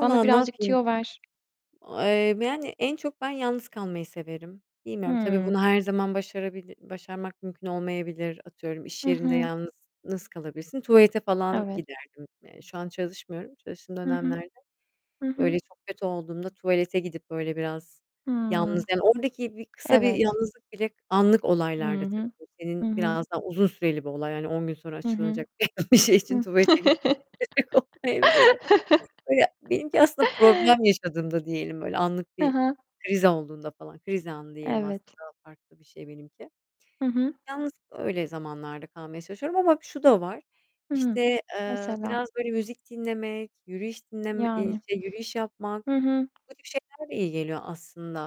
Bana ne birazcık yapayım? tüyo ver. A emm, yani en çok ben yalnız kalmayı severim. Bilmiyorum tabii, Hıı. bunu her zaman başarabil başarmak mümkün olmayabilir. Atıyorum, iş Hı yerinde hı. yalnız nasıl kalabilirsin. Tuvalete falan Evet. giderdim, yani şu an çalışmıyorum, çalıştığım Hı hı. dönemlerde. Hı hı. Öyle çok kötü olduğumda tuvalete gidip, böyle, biraz yalnız, Hıı! yani, oradaki bir kısa bir Evet. yalnızlık bile Anlık Hı olaylarda tabii, hı. bu Hı senin hı. biraz daha uzun süreli bir olay yani 10 gün sonra Hı hı. açıklanacak bir şey için Hıh! tuvalete gitmeye gerek olmayabilir de. Böyle, benimki aslında problem yaşadığımda diyelim, böyle, anlık Hı bir hı. kriz olduğunda falan, kriz anı diyelim aslında Evet! daha farklı bir şey benimki. Hı hı. Yalnız öyle zamanlarda kalmaya çalışıyorum ama şu da var. Hıı. İşte, ııı, Mesela. biraz, böyle, müzik dinlemek, yürüyüş dinleme eee, Yani. şey, yürüyüş yapmak, Hı hı. bu tip şeyler de iyi geliyor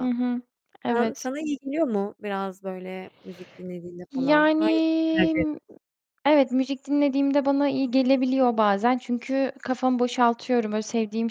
Hı hı, [unintelligible] evet. Sana iyi geliyor mu biraz, böyle, müzik dinlediğinde falan? Yani Hangisini tercih m ı eder evet, müzik dinlediğimde bana iyi gelebiliyor bazen çünkü kafamı boşaltıyorum. Böyle, sevdiğim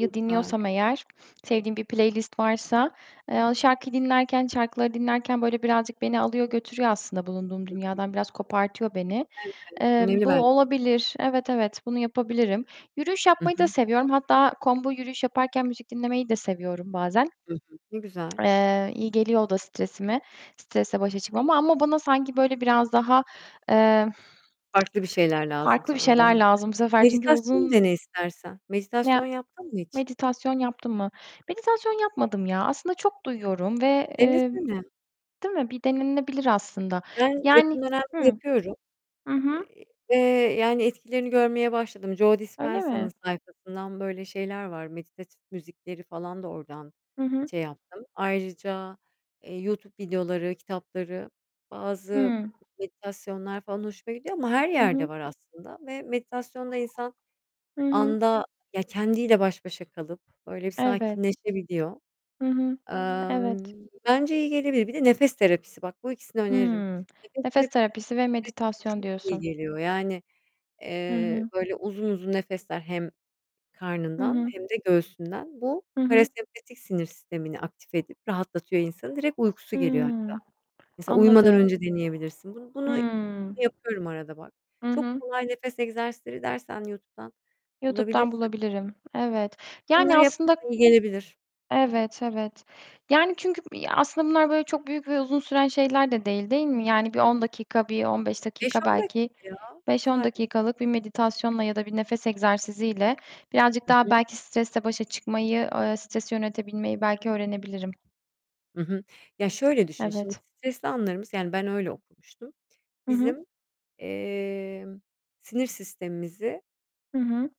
Ne güzel! dinliyorsam eğer, sevdiğim bir playlist varsa, eee, o şarkıyı dinlerken, şarkıları dinlerken, böyle, birazcık beni alıyor götürüyor aslında bulunduğum Hı hı. dünyadan biraz kopartıyor beni. Evet. Emm, Önemli bu ben olabilir. Evet, evet. Bunu yapabilirim. Yürüyüş Hı yapmayı da hı. seviyorum hatta combo, yürüyüş yaparken müzik dinlemeyi de seviyorum bazen. Hı hı. Ne güzel! Eee, iyi geliyor o da stresime, stresle başa çıkmama ama bana sanki, böyle, biraz daha, eee, Farklı bir şeyler lazım farklı bir sana da. şeyler lazım bu Bak sefer çünkü meditasyonu uzun dene istersen. Ya Meditasyon yaptın mı hiç? Meditasyon yaptım mı? Meditasyon yapmadım ya! Aslında çok duyuyorum ve, emm Denesene! Değil mi, bir denenebilir aslında. Ben Yani yakın dönemde Hıı! yapıyorum. Hı E hı. e i eee, yani, etkilerini görmeye başladım. Joe Öyle mi? Dispenza'nın sayfasından böyle şeyler var, meditatif müzikleri falan da oradan Hı hı. şey yaptım. Ayrıca, eee, YouTube videoları, kitapları, bazı Hıı. meditasyonlar falan hoşuma gidiyor. Ama her Hı yerde hı. var aslında ve meditasyonda insan Hı hı. anda, ya kendiyle baş başa kalıp, böyle, bir Evet. sakinleşebiliyor. Hı hı. Emm, Evet. bence iyi gelebilir. Bir de nefes terapisi, bak bu ikisini öneririm. Hıı! Nefes Nefes te terapisi ve [unintelligible] meditasyon çok iyi diyorsun. geliyor. Yani, Hı eee, hı. böyle, uzun uzun nefesler hem Hı karnından hı. hem de göğsünden. Bu Hı hı. parasempatik sinir sistemini aktif edip rahatlatıyor insanı. Direkt uykusu geliyor hatta. Hıı. Mesela uyumadan Anladım. önce deneyebilirsin. Bun bunu Hıı. yapıyorum arada bak. I Çok hı. kolay nefes egzersizleri dersen YouTube'dan YouTube'dan bulabilirsin. bulabilirim. Evet. Bunları Yani aslında yaparsan iyi gelebilir. Evet, evet. Yani, çünkü, ya aslında bunlar, böyle, çok büyük ve uzun süren şeyler de değil, değil mi? Yani bir Hı 10 hı. dakika, bir 15 Beş dakika, on dakika belki ya! 5-10 Sadece. dakikalık bir meditasyonla ya da bir nefes egzersiziyle birazcık I daha hı. belki stresle başa çıkmayı, eee, stresi yönetebilmeyi belki öğrenebilirim. I hı. Ya, şöyle düşün, şimdi Evet. stresli anlarımız Yani ben öyle okumuştum. Hı hı. Bizim, emm, sinir sistemimizi Hı hı.